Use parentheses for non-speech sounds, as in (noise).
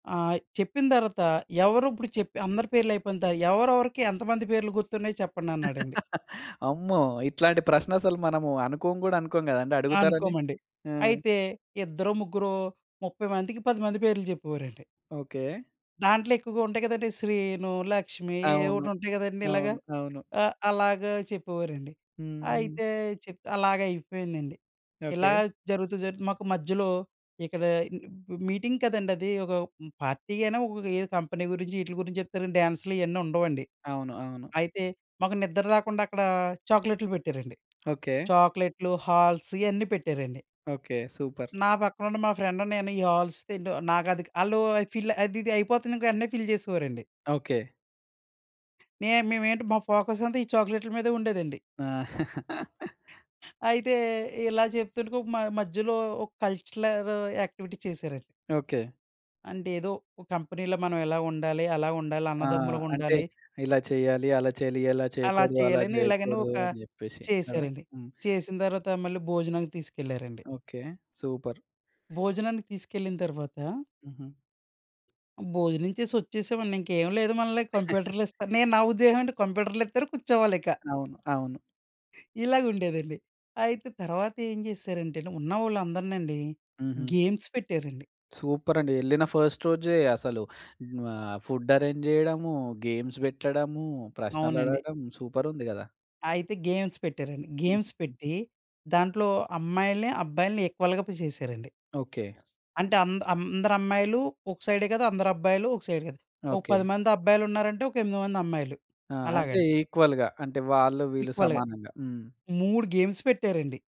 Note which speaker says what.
Speaker 1: ఆ! చెప్పిన తరువాత, ఎవరు ఇప్పుడు చెప్పి అందరి పేర్లు అయిపోయింత ఎవరెవరికి ఎంతమంది పేర్లు గుర్తున్నాయో చెప్పండి అన్నాడండి.
Speaker 2: (giggles) అమ్మో! ఇట్లాంటి ప్రశ్న అసలు మనము అనుకోం కూడా అనుకోం కదండీ! అడుగుతారని.
Speaker 1: అనుకోమండి.
Speaker 2: ఆ!
Speaker 1: అయితే ఇద్దరో, ముగ్గురో 30 మందికి 10 మంది పేర్లు చెప్పేవారండి.
Speaker 2: ఓకె.
Speaker 1: దాంట్లో ఎక్కువగా ఉంటాయి కదండీ శ్రీను, లక్ష్మి ఏ
Speaker 2: అవును.
Speaker 1: ఒటి ఉంటాయి కదండీ ఇలాగ.
Speaker 2: అవును, అవును.
Speaker 1: ఆహ్, అలాగ చెప్పేవారండి.
Speaker 2: హ్మ్, హ్మ్.
Speaker 1: అయితే చెప్త్ అలాగయిపోయిందండి. ఇలా
Speaker 2: ఓకె.
Speaker 1: జరుగుతూ జరుగుతూ మాకు మధ్యలో ఇక్కడ మ్ మీటింగ్ కదండీ అది. ఒక పార్టీ అయినా ఒఏ కంపెనీ గురించి వీట్ల గురించి చెప్తారు, డాన్స్‌లు ఇయన్నీ ఉండవండి.
Speaker 2: అవును. అవును.
Speaker 1: అయితే మాకు నిద్ర రాకుండా అక్కడ చాక్లెట్లు పెట్టారండి.
Speaker 2: ఓకె.
Speaker 1: చాక్లెట్లు, హాల్స్ ఇయన్నీ పెట్టారండి.
Speaker 2: ఓకె. సూపర్.
Speaker 1: నా పక్కన ఉన్న మా ఫ్రెండ్, నేను ఈ హాల్స్ తింటూ నాకది ఆళ్ళు ఫిల్ అది ఇది అయిపోతుంది. ఇంకా వెంటనే ఫిల్ చేసేవారండి.
Speaker 2: ఓకె.
Speaker 1: నేమ్ మేమేంటి మా ఫోకస్ అంతా, ఈ చాక్లేట్‌ల మీదే ఉండేదండి.
Speaker 2: ఆ! (giggles)
Speaker 1: అయితే ఇలా చెప్తుండగ మ మధ్యలో ఒక కల్చరల్ యక్టివిటీ చేశారండి.
Speaker 2: ఓకె.
Speaker 1: అంటే, ఏదో ఒక కంపెనీ‌లో మనం ఇలా ఉండాలి, అలా ఉండాలి,
Speaker 2: ఆ! అంటే
Speaker 1: అన్నదమ్ములుగుండాలి.
Speaker 2: ఇలా చెయ్యాలి, అలా చెయ్యాలి. ఇలా
Speaker 1: అలా
Speaker 2: చెయ్యకూడదు, అలా
Speaker 1: చేయాలని ఇలాగని
Speaker 2: చేయకూడదు
Speaker 1: ఒక
Speaker 2: అని చెప్పేసి కదా!
Speaker 1: చేశారండి.
Speaker 2: హ్మ్.
Speaker 1: చేసిన తర్వాత మళ్ళీ భోజనానికి తీసుకెళ్లారండి.
Speaker 2: Okay, super.
Speaker 1: భోజనానికి తీసుకెళ్ళిన తరువాత.
Speaker 2: హుహు.
Speaker 1: భోజనం చేసి వచ్చేసామండి. ఇంకేం లేదు. మనల్ని
Speaker 2: (giggles)
Speaker 1: కంప్యూటర్‌లు ఇస్తారు. నేను నా ఉద్దేశం ఏంటి కంప్యూటర్‌లిత్తరు, కూర్చోవాలి ఇక.
Speaker 2: అవును, అవును.
Speaker 1: ఇలాగుండేదండి. అయితే తర్వాత ఏం చేశారంటేను, ఉన్నవాళ్ళందరినండి
Speaker 2: హుహు.
Speaker 1: గేమ్స్ పెట్టారండి.
Speaker 2: సూపర్ అండి. ఎళ్ళిన ఫస్ట్ రోజే అసలు ఆహ్, ఫుడ్ అరేంజ్ జేయడము, గేమ్స్ వెట్టడము, ప్రశ్నలు
Speaker 1: అవునండి.
Speaker 2: అడగడం, సూపర్ ఉంది కదా!
Speaker 1: అయితే గేమ్స్ పెట్టారండి.
Speaker 2: హ్మ్.
Speaker 1: గేమ్స్ పెట్టి దాంట్లో అమ్మాయిలని, అబ్బాయిలని ఈక్వల్‌గా చేశారండి.
Speaker 2: ఓకె.
Speaker 1: అంటే అంద్ అందరమ్మాయిలు ఒక సైడే గద, అందరు అబ్బాయిలు ఒక సైడ్ కాదు. ఒక
Speaker 2: ఓకె.
Speaker 1: 10 మంది అబ్బాయిలున్నారంటే, ఒక 8 మంది అమ్మాయిలు
Speaker 2: ఆ! అంటే
Speaker 1: అలాగండి.
Speaker 2: ఈక్వల్‌గా, అంటే వాళ్ళు వీళ్ళు
Speaker 1: ఈక్వల్‌గా.
Speaker 2: సమానంగా. హ్మ్.
Speaker 1: 3 గేమ్స్ పెట్టారండి.